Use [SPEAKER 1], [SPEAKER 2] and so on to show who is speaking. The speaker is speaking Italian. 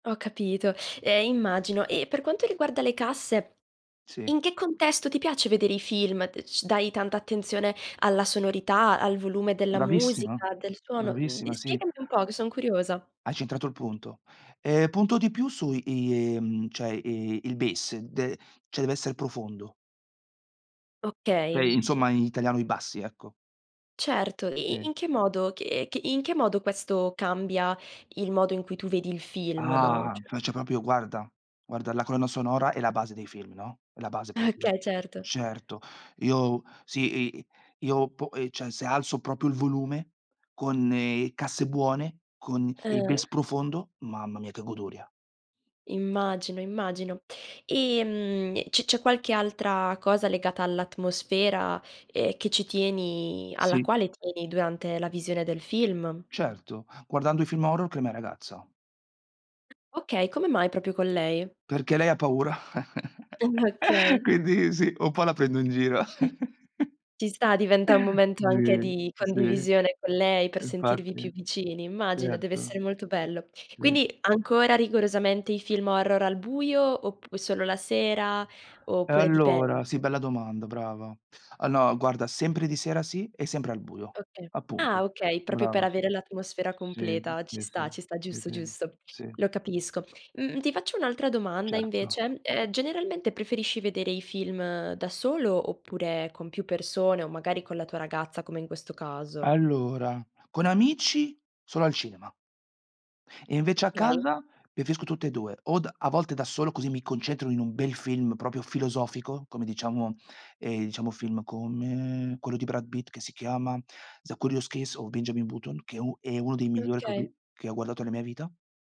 [SPEAKER 1] Ho capito, eh, immagino. E, per quanto riguarda le casse,
[SPEAKER 2] Sì.
[SPEAKER 1] in che contesto ti piace vedere i film? D c dai tanta attenzione alla sonorità, al volume della
[SPEAKER 2] Bravissima,
[SPEAKER 1] musica, del suono? Uhm, d
[SPEAKER 2] bravissima, sì.
[SPEAKER 1] spiegami un po', che son curiosa.
[SPEAKER 2] Hai centrato il punto. Eh, punto di più su i mhmm, cioè, i il base, d cioè, deve essere profondo. Cioè
[SPEAKER 1] Okay.
[SPEAKER 2] insomma in italiano i bassi, ecco.
[SPEAKER 1] Certo, i i
[SPEAKER 2] Sì.
[SPEAKER 1] in che modo che e in che modo questo cambia il modo in cui tu vedi il film, no,
[SPEAKER 2] Ah,
[SPEAKER 1] cioè?
[SPEAKER 2] faccio proprio, guarda, guarda, la colonna sonora è la base dei film, no, è la base proprio.
[SPEAKER 1] Okay. Certo.
[SPEAKER 2] Certo, io sì, i io, po eh, cioè, se alzo proprio il volume con, casse buone, con il base
[SPEAKER 1] Ah-ah.
[SPEAKER 2] profondo, mamma mia, che goduria!
[SPEAKER 1] Immagino, immagino. Ehm e c c'è qualche altra cosa legata all'atmosfera ehm, che ci tieni alla
[SPEAKER 2] Sì.
[SPEAKER 1] quale tieni, durante la visione del film?
[SPEAKER 2] Certo, guardando i film horror con la mia ragazza.
[SPEAKER 1] Okay, come mai proprio con lei?
[SPEAKER 2] Perché lei ha paura,
[SPEAKER 1] Ah okay.
[SPEAKER 2] quindi sì, un po' la prendo in giro.
[SPEAKER 1] Ci sta, diventa un momento anche
[SPEAKER 2] Sì,
[SPEAKER 1] di
[SPEAKER 2] sì,
[SPEAKER 1] condivisione con lei per sentirvi
[SPEAKER 2] infatti,
[SPEAKER 1] più vicini. Immagino, deve
[SPEAKER 2] certo.
[SPEAKER 1] essere molto bello.
[SPEAKER 2] Sì.
[SPEAKER 1] Quindi, ancora rigorosamente i film horror al buio, oppu solo la sera, oppure dipende?
[SPEAKER 2] Allora, sì, bella domanda, brava. Ah no, guarda sempre di sera sì e sempre al buio,
[SPEAKER 1] Okay, ah,
[SPEAKER 2] appunto.
[SPEAKER 1] okay, proprio per
[SPEAKER 2] Brava
[SPEAKER 1] avere l'atmosfera
[SPEAKER 2] sì,
[SPEAKER 1] completa. Ci
[SPEAKER 2] sì, sì,
[SPEAKER 1] sta,
[SPEAKER 2] sì,
[SPEAKER 1] ci sta,
[SPEAKER 2] sì
[SPEAKER 1] giusto,
[SPEAKER 2] sì,
[SPEAKER 1] giusto,
[SPEAKER 2] sì.
[SPEAKER 1] lo capisco. Mh-mh, ti faccio un'altra domanda,
[SPEAKER 2] Certo.
[SPEAKER 1] invece eh, generalmente preferisci vedere i film da solo, oppure con più persone, o magari con la tua ragazza, come in questo caso?
[SPEAKER 2] Allora, con amici solo al cinema e, invece, a
[SPEAKER 1] Okay.
[SPEAKER 2] casa preferisco tutte e 2, o d a volte da solo, così mi concentro in un bel film proprio filosofico, come, diciamo, ehm, diciamo, film come quello di Brad Pitt che si chiama: "The Curious Case of Benjamin Button", che è u è uno dei migliori che ho
[SPEAKER 1] Okay.
[SPEAKER 2] vi che ho guardato nella mia vita.